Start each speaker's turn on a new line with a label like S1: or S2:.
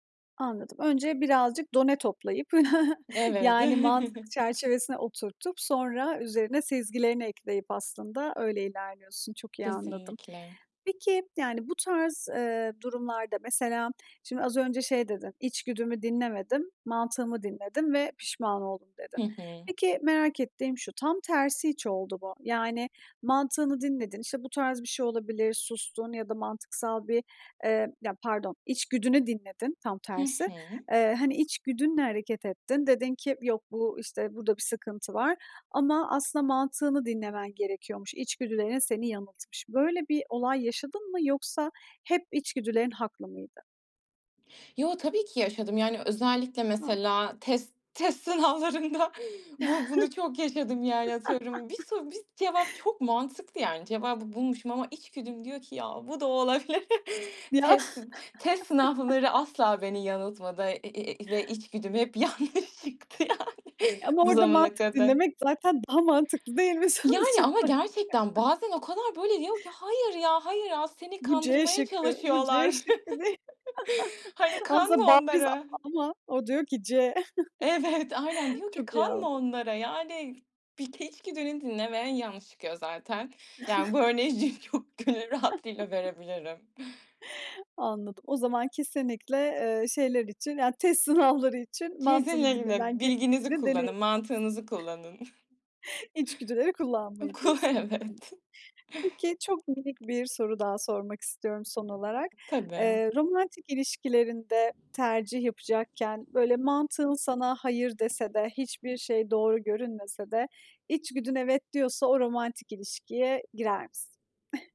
S1: Anladım. Önce birazcık done toplayıp,
S2: Evet.
S1: yani, mantık çerçevesine oturtup, sonra üzerine sezgilerini ekleyip aslında öyle ilerliyorsun. Çok iyi anladım.
S2: Kesinlikle.
S1: Peki, yani, bu tarz, eee, durumlarda mesela, şimdi, az önce şey dedin, "İçgüdümü dinlemedim, mantığımı dinledim ve pişman oldum."
S2: Hı
S1: dedin.
S2: hı.
S1: Peki, merak ettiğim şu, tam tersi hiç oldu mu? Yani, mantığını dinledin, işte, bu tarz bir şey olabilir, sustun ya da mantıksal bir, eee Ya pardon, içgüdünü dinledin, tam
S2: Hı
S1: tersi.
S2: hı.
S1: Eee, hani, içgüdünle hareket ettin, dedin ki, "Yok, bu, işte, burada bir sıkıntı var." ama aslında mantığını dinlemen gerekiyormuş. İçgüdülerin seni yanıltmış. Böyle bir olay yaşadın mı yoksa hep içgüdülerin haklı mıydı?
S2: Yo, tabii ki yaşadım. Yani, özellikle
S1: A!
S2: mesela test test sınavlarında bu bunu çok yaşadım, yani, atıyorum. Bir soru bist cevap çok mantıklı, yani, cevabı bulmuşum ama içgüdüm diyor ki ya, bu da olabilir.
S1: Ya.
S2: Tesıt test sınavları asla beni yanıltmadı, eee, ve içgüdüm hep yanlış çıktı, yani,
S1: Ama
S2: bu
S1: orada
S2: zamana
S1: mantık
S2: kadar.
S1: dinlemek zaten daha mantıklı değil mi, sonuç
S2: Yani, ama
S1: olarak?
S2: gerçekten bazen o kadar, böyle, diyor ki, "Hayır ya, hayır ya, seni
S1: Bu C
S2: kandırmaya
S1: şıkkı. Bu C
S2: çalışıyorlar.
S1: şıkkı değil.
S2: Hani, kanma
S1: Aslında bariz A
S2: onlara."
S1: ama o diyor ki C.
S2: Evet, aynen, diyor ki,
S1: Çok iyi
S2: "Kanma
S1: anladım.
S2: onlara." Yani, bir ke iç güdünü dinleme, yanlış çıkıyor zaten. Yani, bu örneği [unintelligible] çok gönül rahatlığıyla verebilirim.
S1: Anladım. O zaman kesinlikle, eee, şeyler için, yani, test sınavları için mantığını
S2: Kesin
S1: dinlemen
S2: [unintelligible] bilginizi
S1: gerektiğini
S2: kullanın,
S1: deneyimlemişsin.
S2: mantığınızı kullanın.
S1: İçgüdüleri kullanmayın
S2: Oku,
S1: diyorsun.
S2: evet.
S1: [unintelligible] Peki, çok minik bir soru daha sormak istiyorum, son olarak.
S2: Tabii.
S1: Eee, romantik ilişkilerinde tercih yapacakken, böyle, mantığın sana "hayır" dese de hiçbir şey doğru görünmese de içgüdün "evet" diyorsa o romantik ilişkiye girer misin?